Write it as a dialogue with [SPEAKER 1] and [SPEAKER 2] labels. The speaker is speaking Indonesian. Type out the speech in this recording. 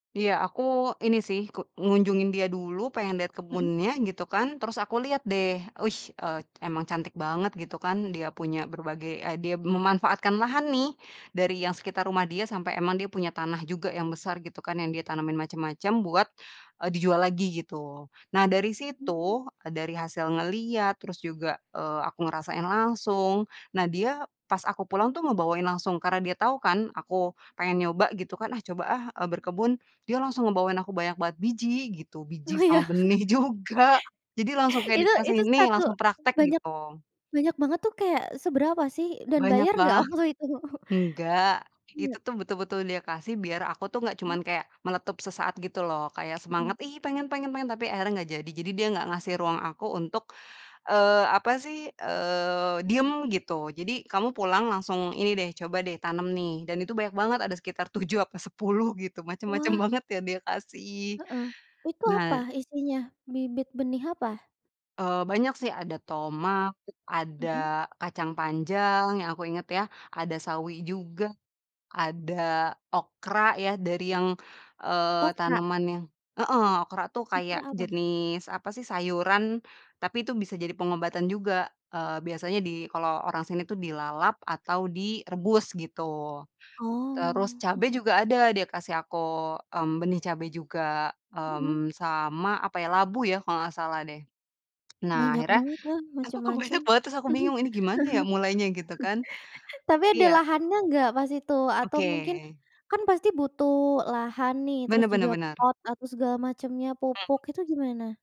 [SPEAKER 1] Iya aku ini sih ke ngunjungin dia dulu pengen liat
[SPEAKER 2] Mhm.
[SPEAKER 1] kebunnya gitu kan terus aku liat deh wih eee, emang cantik banget gitu kan dia punya berbagai e dia memanfaatkan lahan nih, dari yang sekitar rumah dia sampe emang dia punya tanah juga yang besar gitu kan yang dia tanemin macem-macem buat, eee, dijual lagi gitu, nah dari
[SPEAKER 2] Mmm.
[SPEAKER 1] situ, eee, dari hasil ngelihat terus juga, eee, aku ngerasain langsung nah dia pas aku pulang tuh ngebawain langsung karena dia tau kan aku pengen nyoba gitu kan, "Ah, coba, ah," eee, "berkebun," dia langsung ngebawain aku banyak banget biji gitu biji
[SPEAKER 2] Oh iya.
[SPEAKER 1] sama benih juga, jadi langsung kayak
[SPEAKER 2] Itu
[SPEAKER 1] dikasih,
[SPEAKER 2] itu
[SPEAKER 1] "Nih
[SPEAKER 2] 1,
[SPEAKER 1] langsung praktek,"
[SPEAKER 2] banyak,
[SPEAKER 1] gitu.
[SPEAKER 2] banyak banget tuh kayak seberapa sih dan
[SPEAKER 1] Banyak
[SPEAKER 2] bayar nggak
[SPEAKER 1] banget.
[SPEAKER 2] waktu itu?
[SPEAKER 1] Nggak, itu
[SPEAKER 2] Iya.
[SPEAKER 1] tuh betul-betul dia kasih biar aku tuh nggak
[SPEAKER 2] Mmm.
[SPEAKER 1] cuman kayak meletup sesaat gitu loh kaya
[SPEAKER 2] Mhm.
[SPEAKER 1] semangat, "Ih, pengen pengen pengen." Tapi akhirnya nggak jadi jadi dia nggak ngasih ruang aku untuk, eee, apa sih, eee, diem gitu jadi kamu pulang langsung ini deh coba deh tanam nih dan itu banyak banget ada sekitar 7 apa 10 gitu macem-macem
[SPEAKER 2] Wah.
[SPEAKER 1] banget ya dia kasih.
[SPEAKER 2] Heeh, itu apa
[SPEAKER 1] Nah
[SPEAKER 2] isinya bibit benih apa?
[SPEAKER 1] eee, banyak sih ada tomat, ada
[SPEAKER 2] Mhm.
[SPEAKER 1] kacang panjang yang aku inget ya, ada sawi juga, ada okra ya dari yang, eee,
[SPEAKER 2] Okra?
[SPEAKER 1] tanaman yang heeh, okra tuh kayak
[SPEAKER 2] Okra apa?
[SPEAKER 1] jenis apasih sayuran, tapi itu bisa jadi pengobatan juga, eee, biasanya di kalau orang sini tuh dilalap atau direbus gitu. Terus
[SPEAKER 2] Oh.
[SPEAKER 1] cabe juga ada dia kasih aku, mmm, benih cabe juga,
[SPEAKER 2] Mhm.
[SPEAKER 1] mmm, sama apa ya labu ya kalau nggak salah deh. Nah
[SPEAKER 2] Banyak
[SPEAKER 1] akhirnya,
[SPEAKER 2] banget ya
[SPEAKER 1] aku kok
[SPEAKER 2] macem-macem,
[SPEAKER 1] banyak banget terus
[SPEAKER 2] mhm, ah hah,
[SPEAKER 1] aku bingung, "Ini gimana ya mulainya?" Gitu kan.
[SPEAKER 2] tapi
[SPEAKER 1] Tapi
[SPEAKER 2] ada
[SPEAKER 1] ya
[SPEAKER 2] lahannya nggak pas itu? Atau mungkin,
[SPEAKER 1] oke.
[SPEAKER 2] kan pasti butuh lahan nih terus
[SPEAKER 1] Bener bener
[SPEAKER 2] juga
[SPEAKER 1] bener.
[SPEAKER 2] pot atau segala macamnya pupuk,
[SPEAKER 1] Mmm.
[SPEAKER 2] itu gimana?